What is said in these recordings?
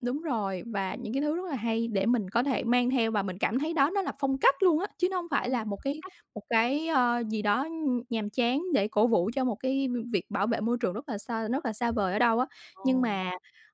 Đúng rồi, và những cái thứ rất là hay để mình có thể mang theo và mình cảm thấy đó nó là phong cách luôn á, chứ nó hông phải Ồ, là một phong cái cách. một cái, ờ, gì đó, ưm, nhàm chán để cổ vũ cho một cái v việc bảo vệ môi trường rất là xo rất là xa vời ở đâu á. Nhưng Ồ. mà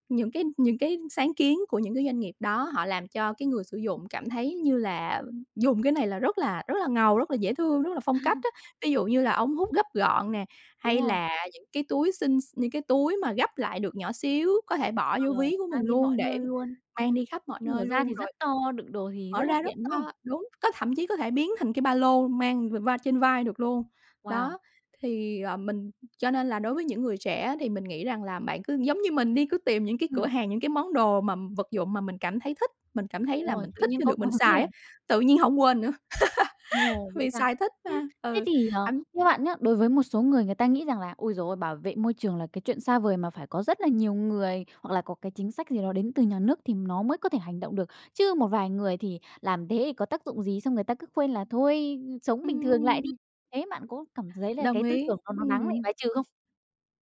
những cái những cái sáng kiến của những cái doanh nghiệp đó, họ làm cho cái người sử dụng cảm thấy như là dùng cái này là rất là rất là ngầu, rất là dễ thương, rất là phong cách á, ví dụ như là ống hút gấp gọn nè, Đúng hay rồi. là những cái túi xinh x những cái túi mà gấp lại được nhỏ xíu, có thể bỏ vô Ờ, ví của mình mang đi luôn mọi để nơi luôn, mang đi khắp mọi khi nơi mở ra luôn thì rất rồi to, đựng đồ thì rất mở là ra rất tiện, đúng không? to đúng, có thậm chí có thể biến thành cái ba lô mang v va trên vai được luôn. Wow! Đó, thì, ờ, mình cho nên là đối với những người trẻ á, thì mình nghĩ rằng là bạn cứ giống như mình đi, cứ tìm những cái cửa Ừm. hàng, những cái món đồ mà vật dụng mà mình cảm thấy thích, mình cảm thấy Đúng là rồi, mình tự thích nhiên khi có được mình cảm hứng xài liền. á, tự nhiên hổng quên nữa, Ồ, vậy vì sao? xài thích Ưm, mà. thế Ừ, thì, ờ, anh theo bạn nhá, đối với một số người người ta nghĩ rằng là ôi giời ơi, bảo vệ môi trường là cái chuyện xa vời mà phải có rất là nhiều người hoặc là có cái chính sách gì đó đến từ nhà nước thì nó mới có thể hành động được, chứ một vài người thì làm thế thì có tác dụng gì, xong người ta cứ khuyên là thôi sống bình thường lại đi, Ừm. thế bạn có cảm thấy là Đồng cái tư ý, tưởng đó nó đáng bị ừm. bài trừ không?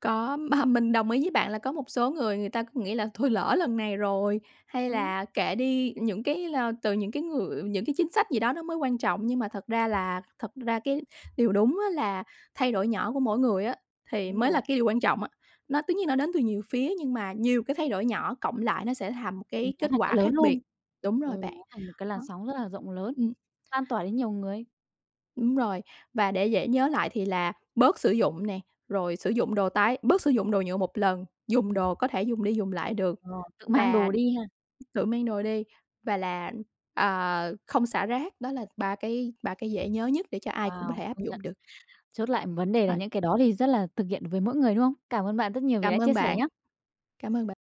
Có, mà mình đồng ý với bạn là có một số người, người ta cứ nghĩ là thôi lỡ lần này rồi, hay Ừm. là kệ đi, những cái, ơ từ những cái người những cái chính sách gì đó nó mới quan trọng nhưng mà thật ra là thật ra cái điều đúng á là thay đổi nhỏ của mỗi người á, thì Đúng mới là rồi. cái điều quan trọng á, nó tất nhiên nó đến từ nhiều phía nhưng mà nhiều cái thay đổi nhỏ cộng lại nó sẽ thành một Ừm, cái nó kết thành cái quả lớn khác biệt. hơn. Đúng rồi Ừm, bạn, nó thành một cái làn đó. sóng rất là rộng lớn, Ừm. lan tỏa đến nhiều người. Đúng rồi, và để dễ nhớ lại thì là bớt sử dụng nè, rồi sử dụng đồ tái bớt sử dụng đồ nhựa một lần, dùng Ừm. đồ có thể dùng đi dùng lại được Ờ, tự mang và đồ đi ha. tự mang đồ đi, và là, à, không xả rác, đó là 3 cái 3 cái dễ nhớ nhất để cho ai cũng có Wow, thể áp công nhận, dụng được. chốt lại vấn đề là [unintelligible] những cái đó thì rất là thực hiện với mỗi người, đúng không? Cảm ơn bạn rất nhiều vì đã Cảm chia ơn sẻ bạn, nhá. cảm ơn bạn.